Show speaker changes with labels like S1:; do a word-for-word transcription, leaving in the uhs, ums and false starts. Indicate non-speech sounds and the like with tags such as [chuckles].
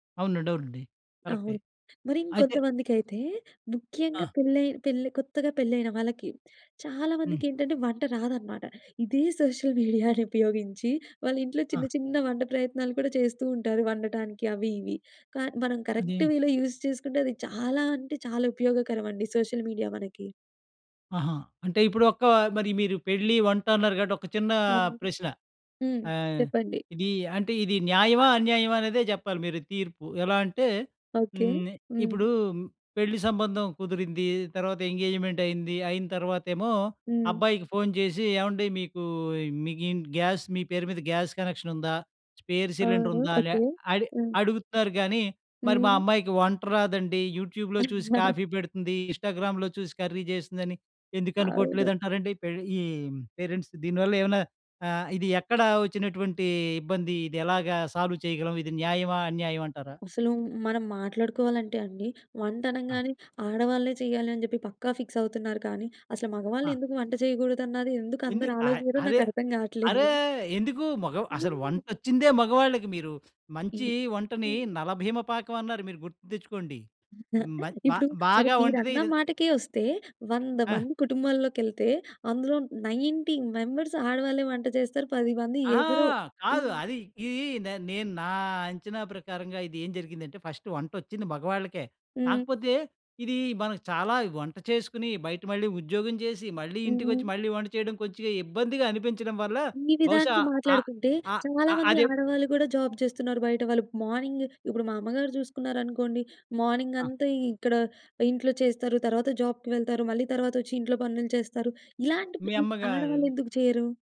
S1: అవునండి. అవునండి. కరెక్టే.
S2: అవును. మరి
S1: అయితే
S2: ఇంకొంతమందికైతే ముఖ్యంగా
S1: ఆ!
S2: పెళ్ళయినా పెళ్లి కొత్తగా పెళ్లైన వాళ్ళకి చాలా
S1: హ్మ్.
S2: మందికేంటంటే, వంట రాదనమాట. ఇదే సోషల్ మీడియాను [chuckles] ఉపయోగించి వాళ్ళ ఇంట్లో
S1: ఆ!
S2: చిన్న చిన్న వంట ప్రయత్నాలు కూడా చేస్తూ ఉంటారు వండటానికి అవి ఇవి. కాని మనం కరెక్ట్
S1: అదేన్
S2: వేలో యూజ్ చేసుకుంటే అది చాలా అంటే చాలా ఉపయోగకరమండి సోషల్ మీడియా మనకి.
S1: ఆహా! అంటే ఇప్పుడు ఒక్క మరి మీరు పెళ్లి, వంట అన్నారు కాబట్టి ఒక చిన్న
S2: అవును.
S1: ప్రశ్న.
S2: హ్మ్.
S1: ఆహ్,
S2: చెప్పండి.
S1: ఇది అంటే ఇది న్యాయమా?
S2: [unintelligible]
S1: అన్యాయమా? అనేదే చెప్పాలి మీరు తీర్పు. ఎలా అంటే
S2: ఓకే.
S1: హ్మ్. నే
S2: హ్మ్.
S1: ఇప్పుడు పెళ్లి సంబంధం కుదిరింది. తర్వాత ఎంగేజ్మెంట్ అయింది. అయిన తర్వాతేమో
S2: హ్మ్.
S1: అబ్బాయికి ఫోన్ చేసి, "ఏవండి మీకు మీకింటి గ్యాస్ మీ పేరు మీద గ్యాస్ కనెక్షన్ ఉందా? స్పేర్ సిలిండర్
S2: అవును.
S1: ఉందా? లె
S2: ఓకే.
S1: అడిగ్
S2: హ్మ్.
S1: అడుగుతారు గానీ మరి, మా
S2: హ్మ్.
S1: అమ్మాయికి వంట రాదండి యూట్యూబ్‌లో చూసి
S2: [chuckles]
S1: కాఫీ పెడుతుంది. ఇన్స్టాగ్రామ్‌లో చూసి కర్రీ చేస్తుందని ఎందుకు
S2: అవును.
S1: అనుకోవట్లేదంటారండి? పెర్ ఈ పేరెంట్స్ దీని వల్ల ఏమనా ఆహ్, ఇది ఎక్కడ వచ్చినటువంటి ఇబ్బంది. ఇది ఎలాగా సాల్వ్ చేయగలం ఇది న్యాయమా, అన్యాయం అంటారా?
S2: అసలు మనం మాట్లాడుకోవాలంటే అండి. వంట
S1: ఆ!
S2: అనంగానే ఆడవాళ్ళే చేయాలి అని చెప్పి పక్కా ఫిక్స్ అవుతున్నారు కానీ! అసలు మగవాళ్ళు
S1: ఆ!
S2: ఎందుకు వంట చేయకూడదన్నది ఎందుకు
S1: ఎందు
S2: అందరూ
S1: అ
S2: ఆలోచియరో
S1: అరే!
S2: నాకర్థం కాట్లేదు.
S1: అరే!
S2: [giggles]
S1: ఎందుకు మొగ అసలు
S2: హ్మ్.
S1: వంటొచ్చిందే మగవాళ్ళకి. మీరు మంచి
S2: హ్మ్.
S1: వంటని
S2: హ్మ్.
S1: 'నలభీమ పాకం' అన్నారు మీరు గుర్తు తెచ్చుకోండి. మంచ్
S2: [chuckles]
S1: బా
S2: ఇప్పుడు సరే
S1: బాగా
S2: మీరన్న
S1: వంటిదిదిల్
S2: మాటకే వస్తే వంద
S1: ఆ!
S2: మంది కుటుంబాల్లోకెళ్తే అందులో నైన్టీ మెంబర్స్ ఆడవాళ్లే వంట చేస్తారు. పది మంది
S1: అహా!
S2: ఎవరో
S1: కాదు.
S2: హ్మ్.
S1: అది ఇది నేన్ నేను నా అంచనా ప్రకారంగా ఇది ఏం జరిగిందంటే ఫస్ట్ వంటొచ్చింది మగవాళ్ళకే.
S2: హ్మ్.
S1: కాకపోతే ఇది మనకి చాలా వంట చేసుకుని బయట మళ్ళీ ఉద్యోగం చేసి, మళ్ళీ ఇంటికొచ్చి,
S2: హుహు.
S1: మళ్ళీ వంట చేయడం కొంచగా ఇబ్బందిగా అనిపించడం వల్ల
S2: ఈ
S1: బహుశా
S2: విధానికి
S1: ఆహ్,
S2: మాట్లాడుకుంటే
S1: ఆహ్, ఆహ్,
S2: చాలామంది
S1: అదే
S2: ఆడవాళ్ళు కూడా జాబ్ చేస్తున్నారు బయట వాళ్ళు. మార్నింగు ఇప్పుడు మా అమ్మగారు చూసుకున్నారనుకోండి
S1: ఆ!
S2: మార్నింగంతా ఇక్కడ ఇంట్లో చేస్తారు. తర్వాత జాబ్‌కి వెళ్తారు. మళ్ళీ తర్వాతొచ్చి ఇంట్లో పనులు చేస్తారు. ఇలాంటివి
S1: మీ
S2: ఈ
S1: అమ్మగారు
S2: ఆడవాళ్ళెందుకు చేయరు?